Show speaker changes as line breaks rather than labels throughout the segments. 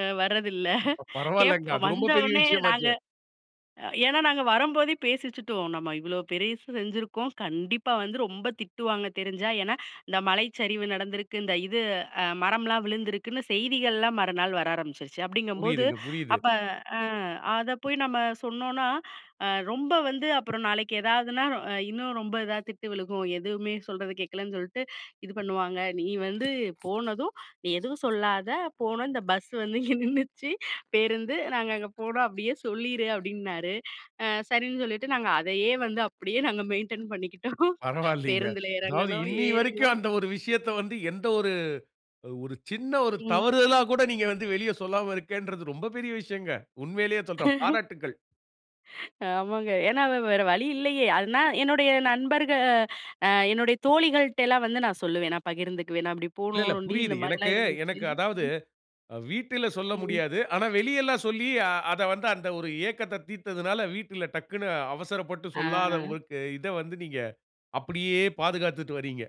அ வரதில்ல.
இப்ப பரவால்லங்க.
கேட்போம்.
அது ரொம்ப பெரிய
வந்தவொன்னே
விஷயம்
நாங்க
ஆச்சே!
ஏன்னா நாங்க வரம்போதே பேசிச்சுட்டுவோம். நம்ம இவ்வளோ பெருயசு செஞ்சிருக்கோம். கண்டிப்பா வந்து ரொம்ப திட்டுவாங்க தெரிஞ்சா. ஏன்னா இந்த மழை சரிவு நடந்திருக்கு. இந்த இது, அ மரம்லாம் விழுந்திருக்குன்னு செய்திகள்லாம் மறுநாள் வர ஆரம்பிச்சுருச்சு. அப்டிங்கும்போது,
புரியுதுங்க, புரியுது.
அப்ப, அ. அத போய் நம்ம சொன்னோன்னா அ ரொம்ப வந்து, அப்புறம் நாளைக்கு எதாதுன்னா, இன்னும் ரொம்ப இதா திட்டு விழுகும். எதுவுமே சொல்றது கேட்கலன்னு சொல்ட்டு, இது பண்ணுவாங்க. நீ வந்து போனதும், நீ எதுவும் சொல்லாத. போனோம். இந்த பஸ் வந்து இங்க நின்னுச்சு, பேருந்து. நாங்க அங்கே போனோம்" அப்படியே சொல்லிரு அப்டின்னாரு. அ சரின்னு சொல்லிட்டு, நாங்க அதையே வந்து அப்படியே நாங்க மெயின்டென் பண்ணிக்கிட்டோம்.
பரவால்லிங்க.
பேருந்துல
அதாவது
இறங்கனோம்,
இன்னிய வரைக்கும்
ஏறனோம்.
அந்த ஒரு விஷயத்த வந்து, எந்த ஒரு, ஒரு சின்ன ஒரு
ம்.
தவறுதலா கூட நீங்க வந்து வெளிய சொல்லாம இருக்கேன்ன்றது, ரொம்ப பெரிய விஷயங்க. உண்மையிலயே சொல்றேன். பாராட்டுக்கள்.
ஆமாங்க. ஏன்னா வ்-வ வேற வழி இல்லையே! அதுனா, என்னுடைய நண்பர்க அ, என்னுடைய தோழிகள்ட்டலாம் வந்து நான் சொல்லுவேன். நான் பகிர்ந்துக்குவேன். "நான் அப்படி
இல்ல இல்ல!
போனோம்ன் டி. இந்த
புரியுது.
மாரிலாம்
எனக்கு,
இருந்துச்சு."
எனக்கு அதாவது, அ வீட்டில சொல்ல
ம்.
முடியாது. ஆனா வெளியல்லாம் சொல்லி, ஆ அத வந்து அந்த ஒரு ஏக்கத்த தீத்ததனால, வீட்டுல டக்ன்னு அவசரப்பட்டு சொல்லாத
ஆ.
உங்களுக்கு, இத வந்து நீங்க அப்படியே பாதுகாத்துட்டு வரீங்க.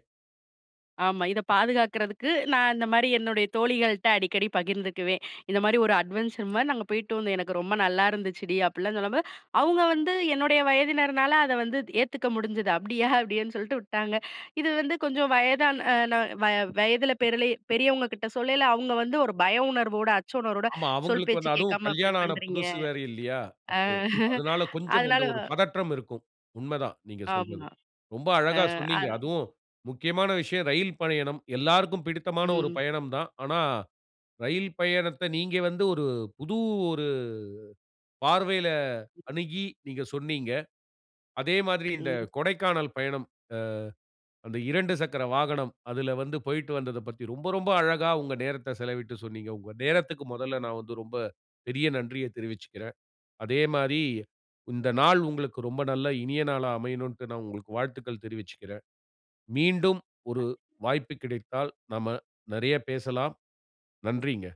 ஆமா, இத பாதுகாக்கிறதுக்கு, நான் இந்த மாரி என்னுடைய தோழிகள்ட்ட அடிக்கடி பகிர்ந்துக்குவேன். "இந்த மாரி ஒரு அட்வென்ச்சர் மாரி நாங்க போயிட்டு வந்தோம். எனக்கு ரொம்ப நல்லா இருந்துச்சுடி." அப்புடிலாம் சொல்லும்போது, அவுங்க வந்து என்னுடைய வயதினர்னால அத வந்து ஏத்துக்க முடிஞ்சது. 'அப்படியா!" அப்டின்னு சொல்ட்டு விட்டாங்க. இது வந்து கொஞ்சம் வயதான் அ ன வ வயதில பெரிலய பெரியவங்க கிட்ட சொல்லயில, அவுங்க வந்து ஒரு பய உணர்வோட, அச்ச உணர்வோட
ஆமா
"சொல்
அவுங்களுக்கு
பேச்சு
வந்து, அதுவும்
கேக்காம அப்டி
கல்யாணம் ஆன
பண்றீங்க"
புதுசு வேற, இல்லையா?
அ
அப்போ அதுனால கொஞ்சம்
அதனால
அந்த ஒரு பதற்றம் இருக்கும். உண்மை தான் நீங்க சொல்வது.
ஆமா.
ரொம்ப அழகா
ஆ, அ.
சொன்னீங்க. அதுவும் முக்கியமான விஷயம் ரயில் பயணம். எல்லாருக்கும் பிடித்தமான ஒரு
ம்.
பயணம் தான். ஆனா ரயில் பயணத்த, நீங்க வந்து ஒரு புது ஒரு பார்வையில அணுகி நீங்க சொன்னீங்க. அதே மாதிரி இந்த
ம்.
கொடைக்கானல் பயணம், அ அந்த 2 சக்கர வாகனம், அதில வந்து போய்ட்டு வந்ததைப் பத்தி, ரொம்ப ரொம்ப அழகா உங்க நேரத்த செலவிட்டு சொன்னீங்க. உங்க நேரத்துக்கு மொதல்ல நான் வந்து, ரொம்ப பெரிய நன்றிய தெரிவிச்சிக்குறேன். அதே மாரி இந்த நாள் உங்களுக்கு ரொம்ப நல்ல இனிய நாளா அமையனுன்ட்டு, நான் உங்களுக்கு வாழ்த்துக்கள் தெரிவிச்சுக்கிறேன். மீண்டும் ஒரு
[unintelligible]
வாய்ப்பு கிடைத்தால், நம்ம நிறைய பேசலாம். நன்றிங்க.